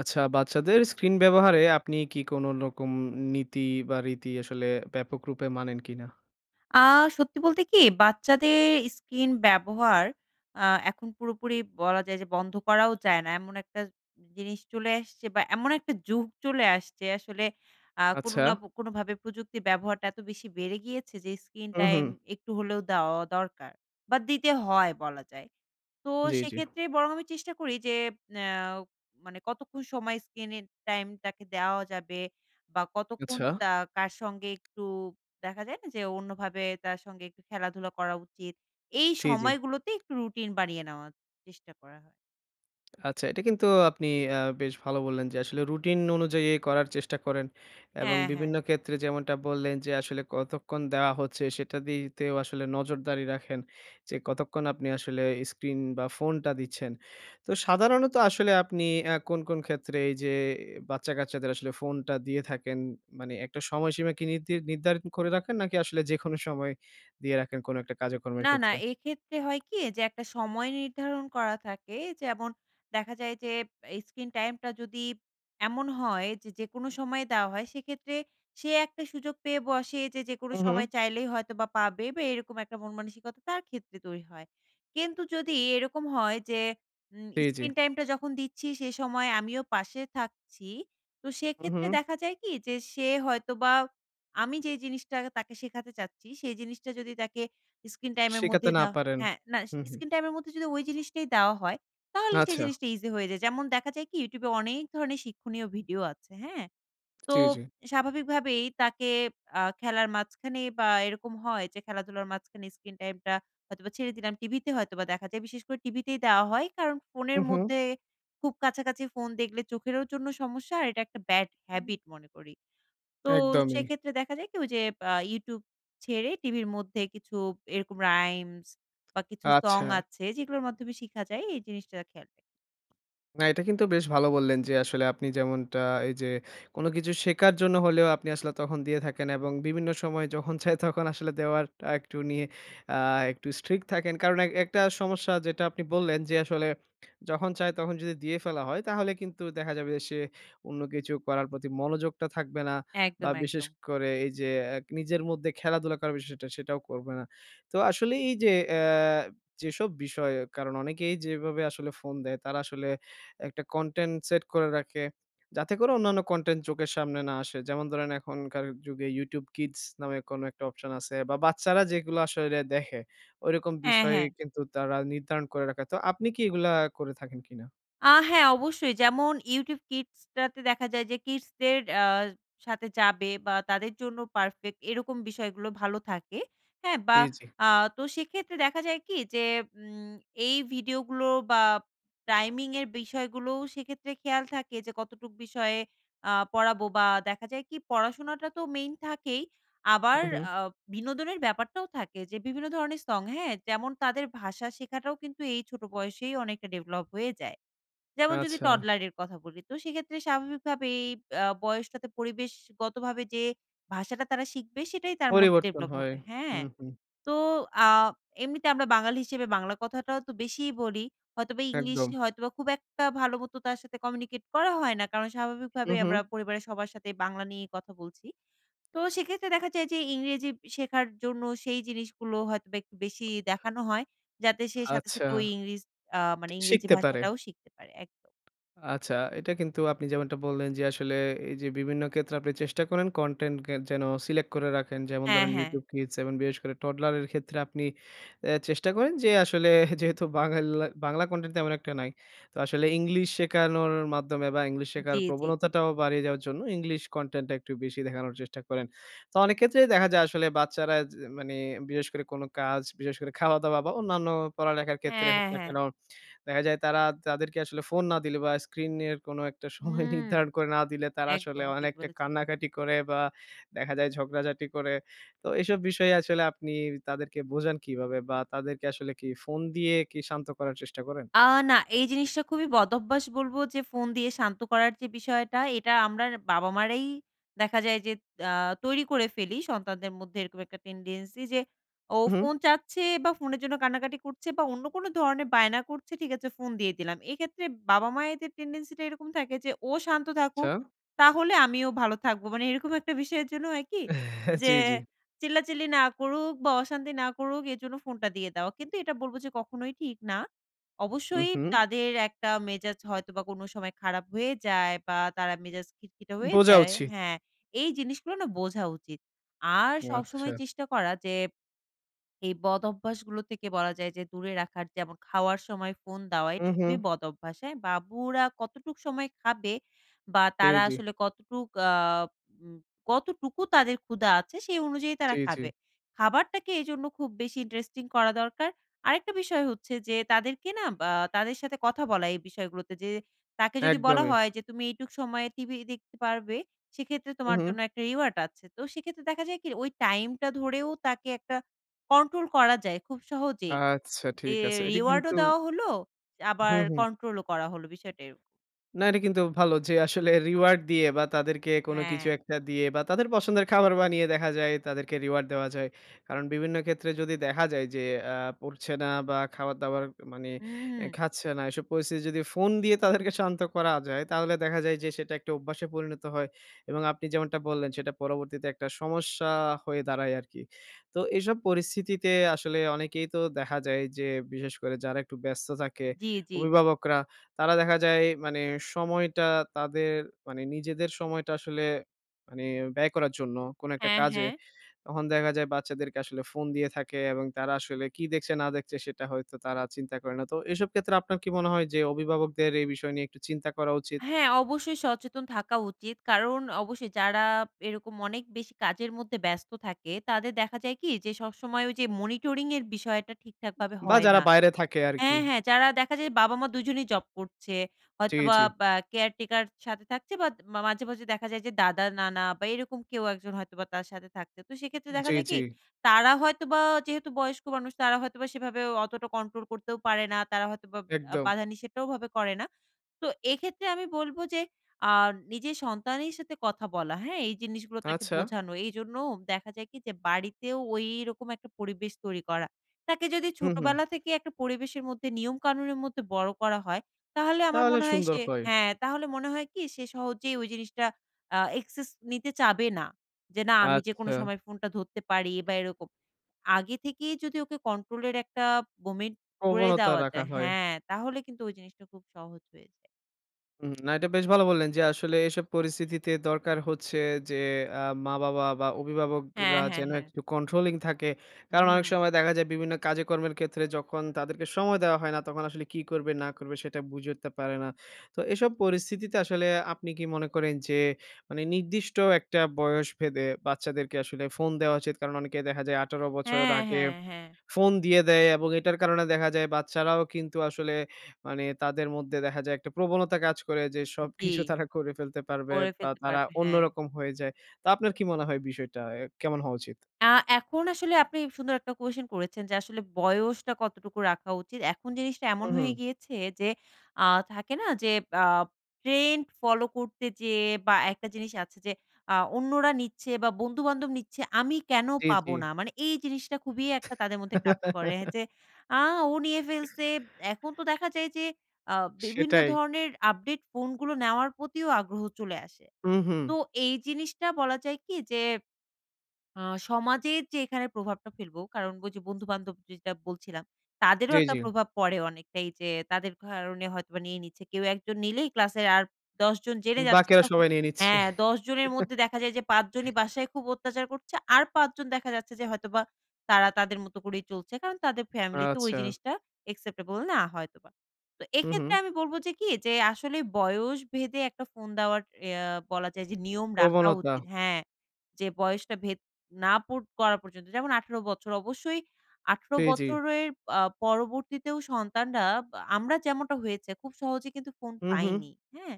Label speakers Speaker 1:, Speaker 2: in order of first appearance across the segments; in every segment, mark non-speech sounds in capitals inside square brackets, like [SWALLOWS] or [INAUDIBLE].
Speaker 1: আচ্ছা বাচ্চাদের screen ব্যবহারে আপনি কি কোনরকম উম নীতি বা রীতি আসলে ব্যাপক রূপে মানেন কিনা?
Speaker 2: আ সত্যি বলতে কি? বাচ্চাদের screen ব্যবহার আ এখন পুরোপুরি বলা যায় যে বন্ধ করাও যায় না। এমন একটা জিনিস চলে আসছে বা এমন একটা যুগ চলে আসছে আসলে আ কোনো না
Speaker 1: আচ্ছা।
Speaker 2: পো কোনোভাবে প্রযুক্তির ব্যবহারটা এত বেশি বেড়ে গিয়েছে, যে screen
Speaker 1: হুম,
Speaker 2: টাইম
Speaker 1: হুম।
Speaker 2: একটু হলেও দেওয়াও দরকার। বা দিতে হয় বলা যায়, তো
Speaker 1: জ্বি, জ্বি।
Speaker 2: সেক্ষেত্রে বরং আমি চেষ্টা করি যে, অ্যাও মানে কতক্ষণ সময় স্ক্রিনের টাইম তাকে দেওয়া যাবে? বা কতক্ষণ
Speaker 1: আচ্ছা।
Speaker 2: তা কার সঙ্গে একটু দেখা যায় না যে অন্যভাবে তার সঙ্গে একটু খেলাধুলা করা উচিত? এই
Speaker 1: জ্বি, জ্বি।
Speaker 2: সময়গুলোতে একটু রুটিন বানিয়ে নেওয়া, চেষ্টা করা।
Speaker 1: আচ্ছা এটা কিন্তু আপনি আ বেশ ভালো বললেন যে আসলে রুটিন অনুযায়ীই করার চেষ্টা করেন। এবং
Speaker 2: হ্যাঁ, হ্যাঁ।
Speaker 1: বিভিন্ন ক্ষেত্রে যেমনটা বললেন যে, আসলে কতক্ষণ দেওয়া হচ্ছে সেটা দিতেও আসলে নজরদারি রাখেন যে, কতক্ষণ আপনি আসলে screen বা ফোনটা দিচ্ছেন। তো সাধারণত আসলে আপনি অ্যা কোন, কোন ক্ষেত্রে এই যে বাচ্চা-কাচ্চাদের আসলে ফোনটা দিয়ে থাকেন? মানে একটা সময়সীমা কি নিরধির নির্ধারণ করে রাখেন? নাকি আসলে যেকোনো সময় দিয়ে রাখেন কোন একটা কাজেকর্মের
Speaker 2: না, না
Speaker 1: ক্ষেত্রে?
Speaker 2: এক্ষেত্রে হয় কি? যে একটা সময় নির্ধারণ করা থাকে। যেমন দেখা যায় যে, অ্যা screen টাইম টা যদি এমন হয়, যে যেকোনো সময় দেওয়া হয় সেক্ষেত্রে সে একটা সুযোগ পেয়ে বসে, যে যেকোনো
Speaker 1: উম-হুম।
Speaker 2: সময় চাইলেই হয়তো বা পাবে বা এরকম একটা মনমানসিকতা তার ক্ষেত্রে তৈরি হয়। কিন্তু যদি এরকম হয় যে উম
Speaker 1: জ্বি, জ্বি।
Speaker 2: screen টাইমটা যখন দিচ্ছি সে সময় আমিও পাশে থাকছি তো সেক্ষেত্রে
Speaker 1: উম-হুম।
Speaker 2: দেখা যায় কি? যে সে হয়তোবা আমি যেই জিনিসটা তাকে শেখাতে চাচ্ছি সেই জিনিসটা যদি তাকে screen টাইমের
Speaker 1: শিখাতে
Speaker 2: মধ্যে
Speaker 1: না
Speaker 2: দেওয়া
Speaker 1: পারেন।
Speaker 2: হ্যাঁ না
Speaker 1: হুম, হুম।
Speaker 2: screen টাইমের মধ্যে যদি ওই জিনিসটাই দেওয়া হয় তাহলে সেই
Speaker 1: আচ্ছা।
Speaker 2: জিনিসটা ইজি হয়ে যায়। যেমন দেখা যায় কি? YouTube এ অনেক ধরনের শিক্ষণীয় ভিডিও আছে, হ্যাঁ? তো
Speaker 1: জ্বি, জ্বি।
Speaker 2: স্বাভাবিকভাবেই তাকে আ খেলার মাঝখানে বা এরকম হয় যে খেলা-ধুলার মাঝখানে screen টাইমটা হয়তোবা ছেড়ে দিলাম। টিভিতে হয়তোবা দেখা যায় বিশেষ করে টিভিতেই দেওয়া হয় কারণ ফোনের
Speaker 1: উ-হুম।
Speaker 2: মধ্যে খুব কাছাকাছি ফোন দেখলে চোখেরও জন্য সমস্যা আর এটা একটা bad
Speaker 1: উম।
Speaker 2: habit মনে করি। তো
Speaker 1: একদমই।
Speaker 2: সেক্ষেত্রে দেখা যায় যে কি? ওই যে আ YouTube ছেড়ে টিভির মধ্যে কিছু এরকম rhymes বা কিছু সং
Speaker 1: আচ্ছা।
Speaker 2: আছে, যেগুলোর মাধ্যমে শিখা যায় এই জিনিসটা খেয়াল রা
Speaker 1: না, এটা কিন্তু বেশ ভালো বললেন যে, আসলে আপনি যেমনটা এই যে, কোন কিছু শেখার জন্য হলেও আপনি আসলে তখন দিয়ে থাকেন এবং বিভিন্ন সময় যখন চায় তখন আসলে দেওয়ার টা একটু নিয়ে আ একটু strict থাকেন। কারণ এক একটা সমস্যা যেটা আপনি বললেন যে, আসলে যখন চায় তখন যদি দিয়ে ফেলা হয়, তাহলে কিন্তু দেখা যাবে যে, সে অন্য কিছু করার প্রতি মনোযোগটা থাকবে না। বা
Speaker 2: একদম,
Speaker 1: বিশেষ
Speaker 2: একদম।
Speaker 1: করে এই যে, এক নিজের মধ্যে খেলাধুলা করার বিষয়টা সেটাও করবে না। তো আসলে এই যে, এ যেসব বিষয়ে কারণ অনেকেই যেভাবে আসলে ফোন দেয় তারা আসলে একটা কনটেন্ট সেট করে রাখে। যাতে করে অন্যান্য কনটেন্ট চোখের সামনে না আসে। যেমন ধরেন এখনকার যুগে YouTube kids নামে, কোন একটা অপশন আছে বা বাচ্চারা যেগুলা আসলে দেখে, ঐরকম
Speaker 2: হ্যাঁ,
Speaker 1: বিষয়
Speaker 2: হ্যাঁ।
Speaker 1: কিন্তু তারা নির্ধারণ করে রাখে। তো আপনি কি এগুলা করে থাকেন কিনা?
Speaker 2: আ হ্যাঁ, অবশ্যই যেমন YouTube Kids টাতে দেখা যায় যে, kids দের আ সাথে যাবে বা তাদের জন্য পারফেক্ট এরকম বিষয়গুলো ভালো থাকে। হ্যাঁ? বা
Speaker 1: জি, জি।
Speaker 2: আ তো সেক্ষেত্রে দেখা যায় কি যে, উম এই ভিডিওগুলো বা টাইমিংয়ের বিষয়গুলোও সেইক্ষেত্রে খেয়াল থাকে যে, কতটুক বিষয়ে আ পড়াবো বা দেখা যায় কি? পড়াশোনাটা তো মেইন থাকেই, আবার
Speaker 1: হুম, হুম।
Speaker 2: আ বিনোদনের ব্যাপারটাও থাকে যে, বিভিন্ন ধরনের সং, হ্যাঁ? যেমন তাদের ভাষা শেখাটাও কিন্তু এই ছোট বয়সেই অনেকটা ডেভেলপ হয়ে যায়। যেমন যদি
Speaker 1: আচ্ছা।
Speaker 2: toddler এর কথা বলি, তো সেইক্ষেত্রে স্বাভাবিকভাবেই আ বয়সটাতে পরিবেশগতভাবে, যে ভাষাটা তারা শিখবে, সেটাই তার মধ্যে
Speaker 1: পরিবর্তন
Speaker 2: ডেভেলপ
Speaker 1: হয়।
Speaker 2: হবে হ্যাঁ,
Speaker 1: হুম, হুম।
Speaker 2: তো আ এমনিতে আমরা বাঙালি হিসেবে বাংলা কথাটাও তো বেশিই বলি। হয়তোবা
Speaker 1: একদম।
Speaker 2: ইংলিশে হয়তোবা খুব একটা ভালোমতো তার সাথে কমিউনিকেট করা হয় না। কারণ স্বাভাবিকভাবে
Speaker 1: হুম,
Speaker 2: আমরা
Speaker 1: হুম।
Speaker 2: পরিবারের সবার সাথেই বাংলা নিয়েই কথা বলছি। তো সেইক্ষেত্রে দেখা যায় যে, ইংরেজি ব শেখার জন্য সেই জিনিসগুলো হয়তোবা একটু বেশি দেখানো হয়। যাতে সে সাথে,
Speaker 1: আচ্ছা,
Speaker 2: সাথে ওই ইংরেজ আ
Speaker 1: টি
Speaker 2: মানে ইংরেজি
Speaker 1: শিখতে পারে।
Speaker 2: ভাষাটাও শিখতে পারে। একদম।
Speaker 1: আচ্ছা, এটা কিন্তু আপনি যেমনটা বললেন যে, আসলে এই যে, বিভিন্ন ক্ষেত্রে আপনি চেষ্টা করেন কনটেন্ট গে যেন সিলেক্ট করে রাখেন। যেমন
Speaker 2: হ্যাঁ,
Speaker 1: ধরেন
Speaker 2: হ্যাঁ।
Speaker 1: YouTube Kids এবং বিশেষ করে toddler এর ক্ষেত্রে আপনি এ চেষ্টা করেন যে, আসলে যেহেতু বাঙ্গালা, বাংলা কনটেন্ট তেমন একটা নাই, তো আসলে ইংলিশ শেখানোর মাধ্যমে বা ইংলিশ শেখার
Speaker 2: জী, জী।
Speaker 1: প্রবণতাটাও বাড়িয়ে যাওয়ার জন্য, ইংলিশ কনটেন্টটা একটু বেশি দেখানোর চেষ্টা করেন। তো অনেক ক্ষেত্রেই দেখা যায়, আসলে বাচ্চারা যে মানে বিশেষ করে কোন কাজ, বিশেষ করে খাওয়া-দাওয়া বা অন্যান্য পড়ালেখার ক্ষেত্রে
Speaker 2: হ্যাঁ,
Speaker 1: হোক না
Speaker 2: হ্যাঁ।
Speaker 1: কেন, দেখা যায় তারা, তাদেরকে আসলে ফোন না দিলে বা screen এর কোন একটা সময়
Speaker 2: হুম,
Speaker 1: নির্ধারণ করে না দিলে, তারা আসলে
Speaker 2: একদম ঠিক
Speaker 1: অনেকটা
Speaker 2: বলেছেন।
Speaker 1: কান্নাকাটি করে বা দেখা যায় ঝগড়াঝাটি করে। তো এসব বিষয়ে আসলে আপনি তাদেরকে বোঝান কিভাবে? বা তাদেরকে আসলে কি ফোন দিয়ে কি শান্ত করার চেষ্টা করেন?
Speaker 2: আ না, এই জিনিসটা খুবই বদভ্যাস বলব যে, ফোন দিয়ে শান্ত করার যে বিষয়টা, এটা আমরার বাবা-মারেই দেখা যায় যে, আ তৈরি করে ফেলি, সন্তানদের মধ্যে এরকম একটা tendency যে, ও
Speaker 1: উহুম।
Speaker 2: ফোন চাচ্ছে বা ফোনের জন্য কান্নাকাটি করছে বা অন্য কোনো ধরনের বায়না করছে? ঠিক আছে ফোন দিয়ে দিলাম। এইক্ষেত্রে বাবা-মায়েদের tendency টা এরকম থাকে যে, ও শান্ত থাকুক,
Speaker 1: আচ্ছা।
Speaker 2: তাহলে আমিও ভালো থাকব। মানে এরকম একটা বিষয়ের জন্য হয় কি
Speaker 1: হ্যাঁ,
Speaker 2: যে,
Speaker 1: জী, জী।
Speaker 2: চিল্লাচিল্লি না করুক বা অশান্তি না করুক এর জন্য ফোনটা দিয়ে দাও। কিন্তু এটা বলবো যে, কখনোই ঠিক না।
Speaker 1: উম
Speaker 2: অবশ্যই
Speaker 1: হুম।
Speaker 2: তাদের একটা মেজাজ হয়তো বা কোনো সময় খারাপ হয়ে যায় বা তারা মেজাজ খিটখিটে হয়ে
Speaker 1: বোঝা
Speaker 2: যায়
Speaker 1: উচিত।
Speaker 2: হ্যাঁ, এই জিনিসগুলো না বোঝা উচিত। আর সবসময়
Speaker 1: আচ্ছা।
Speaker 2: চেষ্টা করা যে, এই বদঅভ্যাসগুলো থেকে বলা যায় যে, দূরে রাখার যেমন খাওয়ার সময় ফোন দেওয়া, এটা
Speaker 1: হুম,
Speaker 2: খুবই
Speaker 1: হুম।
Speaker 2: বদঅভ্যাস, হ্যাঁ? বাবুরা কতটুক সময় খাবে? বা
Speaker 1: রি
Speaker 2: তারা
Speaker 1: জি।
Speaker 2: আসলে কতটুক আ উম কতটুকু তাদের ক্ষুধা আছে? সেই অনুযায়ী
Speaker 1: জী,
Speaker 2: তারা
Speaker 1: জী।
Speaker 2: খাবে, খাবারটাকে এজন্য খুব বেশি ইন্টারেস্টিং করা দরকার। আরেকটা বিষয় হচ্ছে যে, তাদেরকে না বা তাদের সাথে কথা বলা এই বিষয়গুলোতে। যে, তাকে যদি বলা
Speaker 1: একদমই।
Speaker 2: হয় যে, তুমি এইটুক সময়ে টিভি দেখতে পারবে, সেক্ষেত্রে
Speaker 1: হুম,
Speaker 2: তোমার
Speaker 1: হুম।
Speaker 2: জন্য একটা reward আছে। তো সেক্ষেত্রে দেখা যায় কি, ওই টাইমটা ধরেও তাকে একটা কন্ট্রোল করা যায় খুব সহজেই।
Speaker 1: আচ্ছা,
Speaker 2: যে,
Speaker 1: ঠিক আছে। এটা
Speaker 2: reward ও
Speaker 1: কিন্তু
Speaker 2: দেওয়া হলো, আবার
Speaker 1: হুম, হুম।
Speaker 2: কন্ট্রোলও করা হলো, বিষয়টা এরকম।
Speaker 1: না, এটা কিন্তু ভালো যে, আসলে reward দিয়ে বা তাদেরকে কোন কিছু
Speaker 2: হ্যাঁ।
Speaker 1: একটা দিয়ে বা তাদের পছন্দের খাবার বানিয়ে দেখা যায়, তাদেরকে reward দেওয়া যায়। কারণ বিভিন্ন ক্ষেত্রে যদি দেখা যায় যে, আ পড়ছে না বা খাবার-দাবার উ মানে
Speaker 2: হুম,
Speaker 1: এ
Speaker 2: হুম।
Speaker 1: খাচ্ছে না। এসব পরিস্থিতি যদি ফোন দিয়ে তাদেরকে শান্ত করা যায়, তাহলে দেখা যায় যে, সেটা একটা অভ্যাসে পরিণত হয়। এবং আপনি যেমনটা বললেন, সেটা পরবর্তীতে একটা সমস্যা হয়ে দাঁড়ায় আরকি। তো এসব পরিস্থিতিতে আসলে অনেকেই তো দেখা যায় যে, বিশেষ করে যারা একটু ব্যস্ত থাকে,
Speaker 2: জী, জী।
Speaker 1: অভিভাবকরা তারা দেখা যায়, মানে সময়টা তাদের মানে নিজেদের সময়টা আসলে মানে ব্যয় করার জন্য কোন একটা
Speaker 2: হ্যাঁ,
Speaker 1: কাজে।
Speaker 2: হ্যাঁ।
Speaker 1: তখন দেখা যায়, বাচ্চাদেরকে আসলে ফোন দিয়ে থাকে এবং তারা আসলে কী দেখছে না দেখছে, সেটা হয়তো তারা চিন্তা করে না। তো এসব ক্ষেত্রে আপনার কি মনে হয় যে, অভিভাবকদের এই বিষয় নিয়ে একটু চিন্তা করা উচিত?
Speaker 2: হ্যাঁ, অবশ্যই সচেতন থাকা উচিত। কারণ অবশ্যই যারা এরকম অনেক বেশি কাজের মধ্যে ব্যস্ত থাকে তাদের দেখা যায় কি যে, সবসময় ওই যে মনিটরিং এর বিষয়টা ঠিকঠাকভাবে
Speaker 1: বা
Speaker 2: হয়
Speaker 1: যারা
Speaker 2: না
Speaker 1: বাইরে থাকে আর কি।
Speaker 2: হ্যাঁ, হ্যাঁ, যারা দেখা যায়, বাবা-মা দুইজনেই জব করছে।
Speaker 1: জি,
Speaker 2: হয়তোবা
Speaker 1: জি।
Speaker 2: বা অ্যা কেয়ারটেকার সাথে থাকছে বা দ মাঝে, মাঝে দেখা যায় যে, দাদা, নানা বা এরকম কেউ একজন হয়তোবা তার সাথে থাকছে। তো সেক্ষেত্রে দেখা
Speaker 1: জী,
Speaker 2: যায় কি,
Speaker 1: জী।
Speaker 2: তারা হয়তোবা যেহেতু বয়স্ক মানুষ, তারা হয়তোবা সেভাবেও অতটা কন্ট্রোল করতেও পারে না। তারা হয়তোবা আ
Speaker 1: একদম।
Speaker 2: বাধা-নিষেধটাও ওভাবে করে না। তো এক্ষেত্রে আমি বলব যে, আ নিজের সন্তানের সাথে কথা বলা। হ্যাঁ? এই জিনিসগুলো তাকে
Speaker 1: আচ্ছা।
Speaker 2: বোঝানো। এই জন্যও দেখা যায় কি যে, বাড়িতেও ওইরকম একটা পরিবেশ তৈরি করা। তাকে যদি
Speaker 1: হুম, হুম।
Speaker 2: ছোটবেলা থেকে একটা পরিবেশের মধ্যে নিয়ম-কানুনের মধ্যে বড়ো করা হয়, তাহলে আমার
Speaker 1: তাহলে
Speaker 2: মনে হয়
Speaker 1: সুন্দর
Speaker 2: সে
Speaker 1: হয়।
Speaker 2: হ্যাঁ, তাহলে মনে হয় কি সে সহজেই ওই জিনিসটা, a access নিতে চাবে না যে, না আমি যে কোনো
Speaker 1: আচ্ছা।
Speaker 2: সময় ফোনটা ধরতে পারি বা এরকম। আগে থেকেই যদি ওকে কন্ট্রোলের একটা [UNINTELLIGIBLE] করে
Speaker 1: প্রবণতা
Speaker 2: দেওয়া
Speaker 1: রাখা
Speaker 2: যায়
Speaker 1: হয়।
Speaker 2: হ্যাঁ, তাহলে কিন্তু ওই জিনিসটা খুব সহজ হয়ে যায়।
Speaker 1: উম না এটা বেশ ভালো বললেন যে আসলে এইসব পরিস্থিতিতে দরকার হচ্ছে যে আ মা বাবা বা অভিভাবকরা
Speaker 2: হ্যাঁ, হ্যাঁ,
Speaker 1: যেন
Speaker 2: হ্যাঁ।
Speaker 1: একটু controlling থাকে। কারণ অনেক
Speaker 2: হুম।
Speaker 1: সময় দেখা যায় বিভিন্ন কাজেকর্মের ক্ষেত্রে যখন তাদেরকে সময় দেওয়া হয় না তখন আসলে কী করবে? না করবে? সেটা বুঝে উঠতে পারে না। তো এসব পরিস্থিতিতে আসলে আপনি কি মনে করেন যে মানে নির্দিষ্ট একটা বয়স ভেদে বাচ্চাদেরকে আসলে ফোন দেওয়া উচিত? কারণ অনেকে দেখা যায় ১৮ বছর
Speaker 2: হ্যাঁ,
Speaker 1: আগে
Speaker 2: হ্যাঁ, হ্যাঁ।
Speaker 1: ফোন দিয়ে দেয়। এবং এটার কারণে দেখা যায় বাচ্চারাও কিন্তু আসলে মানে তাদের মধ্যে দেখা যায় একটা প্রবণতা কাজ করে যে
Speaker 2: জ্বি,
Speaker 1: সবকিছু তারা করে ফেলতে পারবে
Speaker 2: করে
Speaker 1: বা
Speaker 2: ফেলতে
Speaker 1: তারা
Speaker 2: পারবে। হ্যাঁ।
Speaker 1: অন্যরকম হয়ে যায়। তো আপনার কি মনে হয় বিষয়টা এ কেমন হওয়া উচিত?
Speaker 2: আ এখন আসলে আপনি সুন্দর একটা কুয়েসশন করেছেন যে আসলে বয়সটা কতটুকু রাখা উচিত? এখন জিনিসটা
Speaker 1: হুম,
Speaker 2: এমন
Speaker 1: হুম।
Speaker 2: হয়ে গিয়েছে যে আ থাকে না? যে আব ট্রেন্ড ফলো করতে যে বা একটা জিনিস আছে যে আ অন্যরা নিচ্ছে বা বন্ধুবান্ধব নিচ্ছে আমি কেন
Speaker 1: জ্বি,
Speaker 2: পাবো
Speaker 1: জ্বি।
Speaker 2: না? মানে এই জিনিসটা খুবই একটা তাদের মধ্যে কাজ করে
Speaker 1: [LAUGHS]
Speaker 2: যে "আ ও নিয়ে ফেলছে" এখন তো
Speaker 1: [BREATH]
Speaker 2: দেখা যায় যে আ বিভিন্ন
Speaker 1: সেটাই।
Speaker 2: ধরনের আপডেট ফোনগুলো নেওয়ার প্রতিও আগ্রহ চলে আসে।
Speaker 1: উম-হুম।
Speaker 2: তো এই জিনিসটা বলা যায় কি? যে আ সমাজের যে এখানে প্রভাবটা ফেলবো কারণ বলছি বন্ধুবান্ধব যেটা বলছিলাম তাদেরও
Speaker 1: জ্বি,
Speaker 2: একটা
Speaker 1: জ্বি।
Speaker 2: প্রভাব পড়ে অনেকটাই যে তাদের কারণে হয়তোবা নিয়ে নিচ্ছে কেউ একজন নিলেই ক্লাসের আর ১০ জন জেনে
Speaker 1: উম
Speaker 2: যাচ্ছে
Speaker 1: বাকিরা
Speaker 2: তখন
Speaker 1: সবাই নিয়ে নিচ্ছে।
Speaker 2: হ্যাঁ দশজনের মধ্যে দেখা যায় যে ৫ জনই
Speaker 1: [GIGGLES] [BREATH]
Speaker 2: বাসায় খুব অত্যাচার করছে আর ৫ জন দেখা যাচ্ছে যে হয়তোবা তারা তাদের মতো করেই চলছে কারণ তাদের ফ্যামিলিতে ওই
Speaker 1: আচ্ছা।
Speaker 2: জিনিসটা acceptable না হয়তোবা। তো
Speaker 1: উম-হুম।
Speaker 2: এক্ষেত্রে আমি বলব যে কি? যে আসলেই বয়স ভেদে ১ টা ফোন দেওয়ার ইয়া বলা যায় যে নিয়ম রাখা
Speaker 1: প্রবণতা।
Speaker 2: উচিত। হ্যাঁ, যে বয়সটা ভেদ না পর না করা পর্যন্ত যেমন ১৮ বছর অবশ্যই ১৮
Speaker 1: জি, জি।
Speaker 2: বছরের আ পরবর্তীতেও সন্তানরা আমরা যেমনটা হয়েছে খুব সহজে কিন্তু ফোন
Speaker 1: উম-হুম।
Speaker 2: পাইনি। হ্যা?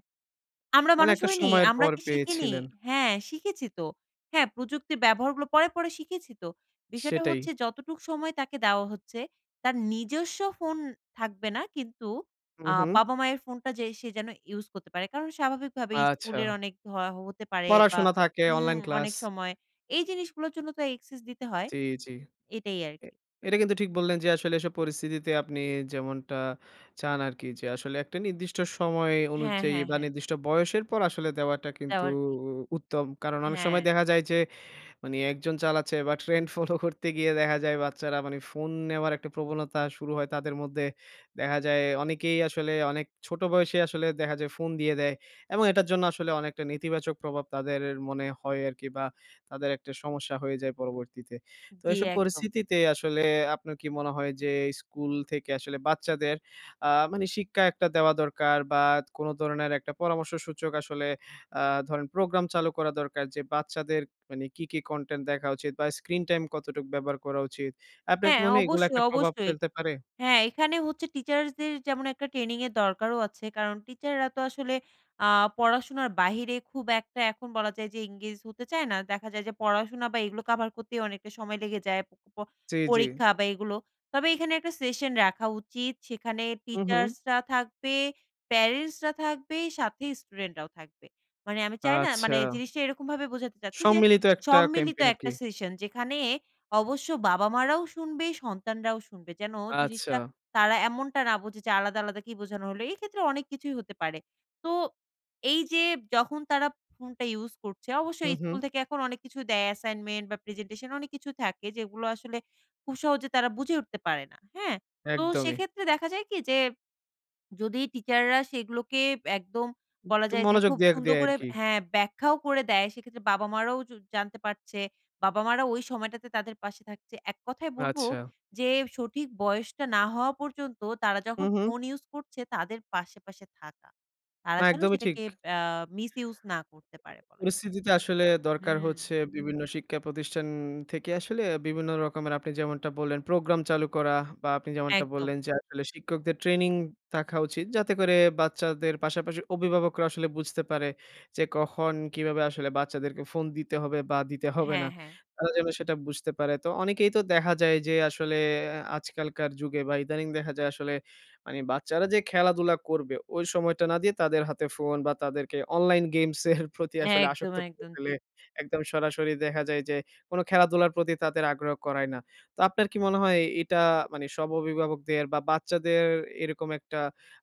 Speaker 2: আমরা
Speaker 1: মানে
Speaker 2: মানুষ
Speaker 1: একটা
Speaker 2: হইনি?
Speaker 1: সময়ের
Speaker 2: আমরা
Speaker 1: পর
Speaker 2: কি শিখিনি?
Speaker 1: পেয়েছিলেন।
Speaker 2: হ্যাঁ শিখেছি তো হ্যাঁ প্রযুক্তির ব্যবহারগুলো পরে পরে শিখেছি তো বিষয়টা
Speaker 1: সেটাই।
Speaker 2: হচ্ছে যতটুক সময় তাকে দেওয়া হচ্ছে তার নিজস্ব ফোন থাকবে না কিন্তু আ
Speaker 1: উম-হুম।
Speaker 2: বাবা মায়ের ফোনটা যে সে যেন ইউজ করতে পারে কারণ স্বাভাবিকভাবে স্কুলের
Speaker 1: আচ্ছা।
Speaker 2: অনেক হ হতে পারে বা
Speaker 1: পড়াশোনা থাকে
Speaker 2: উম
Speaker 1: অনলাইন ক্লাস।
Speaker 2: অনেক সময় এই জিনিসগুলোর জন্য তো access দিতে হয়
Speaker 1: জ্বি, জ্বি।
Speaker 2: এটাই আর কি।
Speaker 1: এ এটা কিন্তু ঠিক বললেন যে আসলে এসব পরিস্থিতিতে আপনি যেমনটা চান আরকি যে আসলে একটা নির্দিষ্ট সময়
Speaker 2: হ্যাঁ,
Speaker 1: অনুযায়ী
Speaker 2: হ্যাঁ,
Speaker 1: বা
Speaker 2: হ্যাঁ।
Speaker 1: নির্দিষ্ট বয়সের পর আসলে দেওয়াটা কিন্তু
Speaker 2: দেওয়াটা ঠিক।
Speaker 1: উ উত্তম। কারণ অনেক সময়
Speaker 2: হ্যাঁ।
Speaker 1: দেখা যায় যে মানে ১ জন চালাচ্ছে বা ট্রেন্ড ফলো করতে গিয়ে দেখা যায় বাচ্চারা মানে ফোন নেওয়ার একটা প্রবণতা শুরু হয় তাদের মধ্যে দেখা যায় অনেকেই আসলে অনেক ছোট বয়সেই আসলে দেখা যায় ফোন দিয়ে দেয়। এবং এটার জন্য আসলে অনেকটা নেতিবাচক প্রভাব তাদের মনে হয় আরকি বা তাদের একটা সমস্যা হয়ে যায় পরবর্তীতে। তো
Speaker 2: জ্বি
Speaker 1: এইসব
Speaker 2: একদম।
Speaker 1: পরিস্থিতিতে আসলে আপনার কি মনে হয়? যে এই স্কুল থেকে আসলে বাচ্চাদের আ মানে শিক্ষা একটা দেওয়া দরকার বা কোন ধরনের একটা পরামর্শ সূচক আসলে আ ধরেন প্রোগ্রাম চালু করা দরকার যে বাচ্চাদের মানে কী কী content দেখা উচিত? বা স্ক্রিন টাইম কতটুক ব্যবহার করা উচিত? আপনার কি
Speaker 2: হ্যাঁ
Speaker 1: মনে হয় এগুলো
Speaker 2: অবশ্যই,
Speaker 1: একটা প্রভাব
Speaker 2: অবশ্যই
Speaker 1: ফেলতে পারে?
Speaker 2: হ্যাঁ এখানে হচ্ছে টিচার্সদের যেমন একটা ট্রেনিংয়ের দরকারও আছে কারণ টিচাররা তো আসলে আ পড়াশোনার বাহিরে খুব একটা এখন বলা যায় যে engage হতে চায় না দেখা যায় যে পড়াশোনা বা এগুলো কাভার করতেই অনেকটা সময় লেগে যায় প
Speaker 1: জ্বি, জ্বি।
Speaker 2: পরীক্ষা বা এগুলো তবে এখানে ১ টা সেশন রাখা উচিত সেখানে
Speaker 1: উম-হুম।
Speaker 2: টিচার্সরা থাকবে, প্যারেন্টসরা থাকবে, সাথে স্টুডেন্টরাও থাকবে মানে আমি চাই না মানে
Speaker 1: আচ্ছা।
Speaker 2: জিনিসটা এরকমভাবে বোঝাতে চাচ্ছি যে
Speaker 1: সম্মিলিত একটা
Speaker 2: সম্মিলিত
Speaker 1: ক্যাম্পেইন আরকি।
Speaker 2: একটা সেশন যেখানে অবশ্য বাবা মারাও শুনবে, সন্তানরাও শুনবে। যেন জিনিসটা
Speaker 1: আচ্ছা।
Speaker 2: তারা এমনটা না বোঝে যে আলাদা আলাদা কি বোঝানো হলো? এই ক্ষেত্রে অনেক কিছুই হতে পারে। তো এই যে যখন তারা ফোনটা ইউস করছে অবশ্যই
Speaker 1: হুম, হুম।
Speaker 2: স্কুল থেকে এখন অনেক কিছু দেয় অ্যাসাইনমেন্ট বা প্রেজেন্টেশন অনেক কিছু থাকে যেগুলো আসলে খুব সহজে তারা বুঝে উঠতে পারে না। হ্যাঁ? তো
Speaker 1: একদমই।
Speaker 2: সেক্ষেত্রে দেখা যায় কি যে [SWALLOWS] যদি টিচাররা সেগুলোকে একদম বলা
Speaker 1: একটু
Speaker 2: যায় যে
Speaker 1: মনোযোগ
Speaker 2: খুব
Speaker 1: দিয়ার
Speaker 2: সুন্দর
Speaker 1: দেয়
Speaker 2: করে
Speaker 1: আরকি।
Speaker 2: হ্যাঁ ব্যাখ্যাও করে দেয় সেক্ষেত্রে বাবা মা রাও জ জানতে পারছে বাবা মা রাও ওই সময়টাতে তাদের পাশে থাকছে এক কথাই বলব
Speaker 1: আচ্ছা।
Speaker 2: যে সঠিক বয়সটা না হওয়া পর্যন্ত তারা যখন
Speaker 1: উম-হুম।
Speaker 2: ফোন ইউজ করছে তাদের পাশে, পাশে থাকা তারা
Speaker 1: না
Speaker 2: যেন
Speaker 1: একদমই ঠিক।
Speaker 2: সেটাকে আ মিস ইউজ না করতে পারে বলা যায়। হুম।
Speaker 1: পরিস্থিতিতে আসলে দরকার
Speaker 2: হুম।
Speaker 1: হচ্ছে বিভিন্ন শিক্ষা প্রতিষ্ঠান থেকে আসলে বিভিন্ন রকমের আপনি যেমনটা বললেন প্রোগ্রাম চালু করা বা আপনি যেমনটা
Speaker 2: একদম।
Speaker 1: বললেন যে আসলে শিক্ষকদের ট্রেনিং থাকা উচিত যাতে করে বাচ্চাদের পাশাপাশি অভিভাবকরা আসলে বুঝতে পারে যে কখন? কীভাবে আসলে বাচ্চাদেরকে ফোন দিতে হবে? বা দিতে হবে না?
Speaker 2: হ্যাঁ, হ্যাঁ।
Speaker 1: তারা যেন সেটা বুঝতে পারে। তো অনেকেই তো দেখা যায় যে আসলে আজকালকার যুগে বা ইদানিং দেখা যায় আসলে মানে বাচ্চারা যে খেলাধুলা করবে ঐ সময়টা না দিয়ে তাদের হাতে ফোন বা তাদেরকে অনলাইন [CHUCKLES] গেমসের প্রতি আসলে
Speaker 2: একদম,
Speaker 1: আসক্ত করে
Speaker 2: একদম
Speaker 1: ফেলে
Speaker 2: ঠিক।
Speaker 1: একদম সরাসরি দেখা যায় যে কোনো খেলাধুলার প্রতি তাদের আগ্রহ করায় না। তো আপনার কি মনে হয়? এটা মানে সব অভিভাবকদের বা বাচ্চাদের এরকম একটা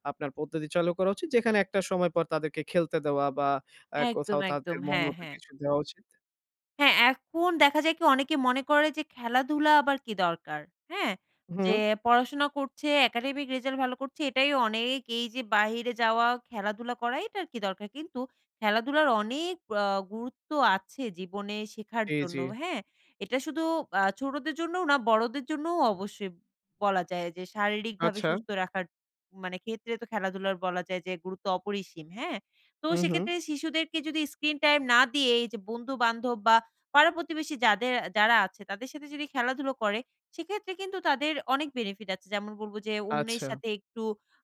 Speaker 1: আপনার পদ্ধতি চালু করা উচিত যেখানে একটা সময় পর তাদেরকে খেলতে দেওয়া বা এ
Speaker 2: একদম,
Speaker 1: কোথাও
Speaker 2: একদম।
Speaker 1: তাদের
Speaker 2: হ্যাঁ,
Speaker 1: মনমত
Speaker 2: হ্যাঁ।
Speaker 1: কিছু দেওয়া উচিত?
Speaker 2: হ্যাঁ এখন দেখা যায় কি? অনেকে মনে করে যে খেলাধুলা আবার কী দরকার? হ্যাঁ? যে
Speaker 1: হুম।
Speaker 2: পড়াশোনা করছে, academic রেজাল্ট ভালো করছে এটাই অনেক। এই যে বাহিরে যাওয়া, খেলাধুলা করা এটার কী দরকার? কিন্তু খেলাধুলার অনেক অ্যা গুরুত্ব আছে জীবনে শেখার
Speaker 1: জি,
Speaker 2: জন্য।
Speaker 1: জি।
Speaker 2: হ্যাঁ? এটা শুধু আ ছোটোদের জন্যও না বড়োদের জন্যও অবশ্যই বলা যায়, যে শারীরিকভাবে
Speaker 1: আচ্ছা।
Speaker 2: সুস্থ রাখার, মানে ক্ষেত্রে তো খেলাধুলার বলা যায় যে গুরুত্ব অপরিসীম। হ্যাঁ? তো
Speaker 1: উম-হুম।
Speaker 2: সেক্ষেত্রে শিশুদেরকে যদি স্ক্রিন টাইম না দিয়ে, এই যে বন্ধুবান্ধব বা পাড়া প্রতিবেশী যাদের যারা আছে তাদের সাথে যদি খেলাধুলা করে, সেক্ষেত্রে কিন্তু তাদের অনেক benefit আছে। যেমন বলব যে অন্যের
Speaker 1: আচ্ছা।
Speaker 2: সাথে একটু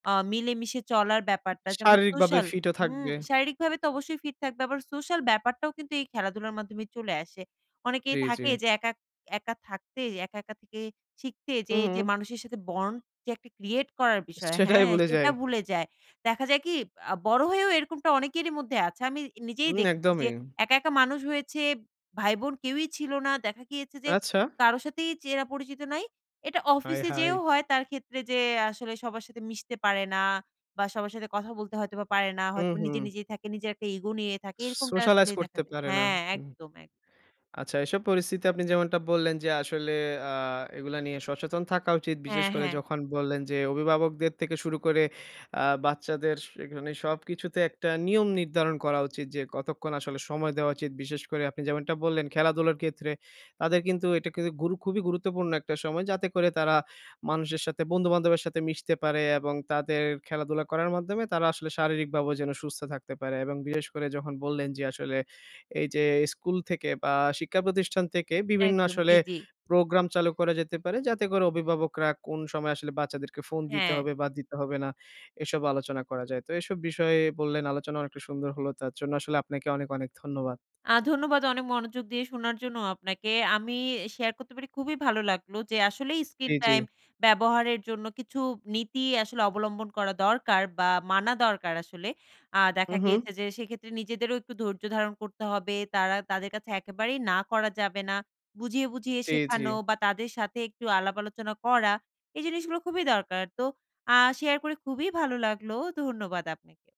Speaker 2: আ মিলেমিশে চলার ব্যাপারটা, যেমন
Speaker 1: শারীরিকভাবে
Speaker 2: সোশ্যাল
Speaker 1: ফিট ও
Speaker 2: হুম?
Speaker 1: থাকবে।
Speaker 2: শারীরিকভাবে তো অবশ্যই ফিট থাকবে। আবার সোশ্যাল ব্যাপারটাও কিন্তু এই খেলাধুলার মাধ্যমে চলে আসে। অনেকেই
Speaker 1: জি, জি।
Speaker 2: থাকে যে একা একা থাকতে, একা, একা থেকে শিখতে যে এই যে
Speaker 1: উম-হুম।
Speaker 2: মানুষ সাথে bond যে একটা create করার
Speaker 1: [CHUCKLES]
Speaker 2: বিষয়।
Speaker 1: সেটাই
Speaker 2: হ্যাঁ?
Speaker 1: ভুলে
Speaker 2: সেটা
Speaker 1: যাই।
Speaker 2: ভুলে যায়। দেখা যায় কি? আ বড় হয়েও এরকমটা অনেকেরই মধ্যে আছে, আমি নিজেই
Speaker 1: উম,
Speaker 2: দেখেছি যে
Speaker 1: একদমই।
Speaker 2: একা, একা মানুষ হয়েছে ভাই বোন কেউই ছিল না দেখা গিয়েছে যে,
Speaker 1: আচ্ছা।
Speaker 2: কারো সাথেই চেনা পরিচিত নাই। এটা
Speaker 1: আয়
Speaker 2: অফিসে যেয়েও
Speaker 1: হায়!
Speaker 2: হয় তার ক্ষেত্রে, যে আসলে সবার সাথে মিশতে পারে না, বা সবার সাথে কথা বলতে হয়তোবা পারে না, হয়তো নিজে
Speaker 1: উম-হুম।
Speaker 2: নিজেই থাকে, নিজের একটা ইগো নিয়ে থাকে। এরকমটা
Speaker 1: socialize
Speaker 2: আসলেই দেখা
Speaker 1: করতে
Speaker 2: যায়
Speaker 1: পারে না।
Speaker 2: হ্যাঁ,
Speaker 1: হুম।
Speaker 2: একদম একদম।
Speaker 1: আচ্ছা এসব পরিস্থিতি আপনি যেমনটা বললেন যে আসলে, অ্যা এগুলা নিয়ে সচেতন থাকা উচিত। বিশেষ
Speaker 2: হ্যাঁ,
Speaker 1: করে
Speaker 2: হ্যাঁ।
Speaker 1: যখন বললেন যে অভিভাবকদের থেকে শুরু করে অ্যা বাচ্চাদের এখানে সবকিছুতে একটা নিয়ম নির্ধারণ করা উচিৎ। যে কতক্ষণ আসলে সময় দেওয়া উচিৎ। বিশেষ করে আপনি যেমনটা বললেন খেলাধুলার ক্ষেত্রে, তাদের কিন্তু এটা কিন্তু গুরু খুবই গুরুত্বপূর্ণ একটা সময়। যাতে করে তারা মানুষের সাথে বন্ধুবান্ধবের সাথে মিশতে পারে, এবং তাদের খেলাধুলা করার মাধ্যমে তারা আসলে শারীরিকভাবেও যেন সুস্থ থাকতে পারে। এবং বিশেষ করে যখন বললেন যে আসলে এই যে, স্কুল থেকে বা শিক্ষা প্রতিষ্ঠান থেকে বিভিন্ন
Speaker 2: একদম।
Speaker 1: আসলে
Speaker 2: জি, জি।
Speaker 1: প্রোগ্রাম চালু করা যেতে পারে। যাতে করে অভিভাবকরা কোন সময় আসলে বাচ্চাদেরকে ফোন দিতে
Speaker 2: হ্যাঁ।
Speaker 1: হবে বা দিতে হবে না? এসব আলোচনা করা যায়। তো এসব বিষয়ে বললেন আলোচনা অনেকটা সুন্দর হলো। তার জন্য আসলে আপনাকে অনেক, অনেক ধন্যবাদ।
Speaker 2: আ ধন্যবাদ অনেক মনোযোগ দিয়ে শোনার জন্য আপনাকে। আমি শেয়ার করতে পেরে খুবই ভালো লাগলো। যে আসলেই স্ক্রিন
Speaker 1: জি, জি।
Speaker 2: টাইম ব্যবহারের জন্য কিছু নীতি আসলে অবলম্বন করা দরকার, বা মানা দরকার আসলে। আ দেখা
Speaker 1: উম-হুম।
Speaker 2: গিয়েছে যে সেক্ষেত্রে নিজেদেরও একটু ধৈর্য ধারণ করতে হবে। তারা তাদের কাছে একেবারেই না করা যাবে না। বুঝিয়ে, বুঝিয়ে
Speaker 1: জি,
Speaker 2: শেখানো
Speaker 1: জি।
Speaker 2: বা তাদের সাথে একটু আলাপ আলোচনা করা। এই জিনিসগুলো খুবই দরকার। তো আ শেয়ার করে খুবই ভালো লাগলো। ধন্যবাদ আপনাকে।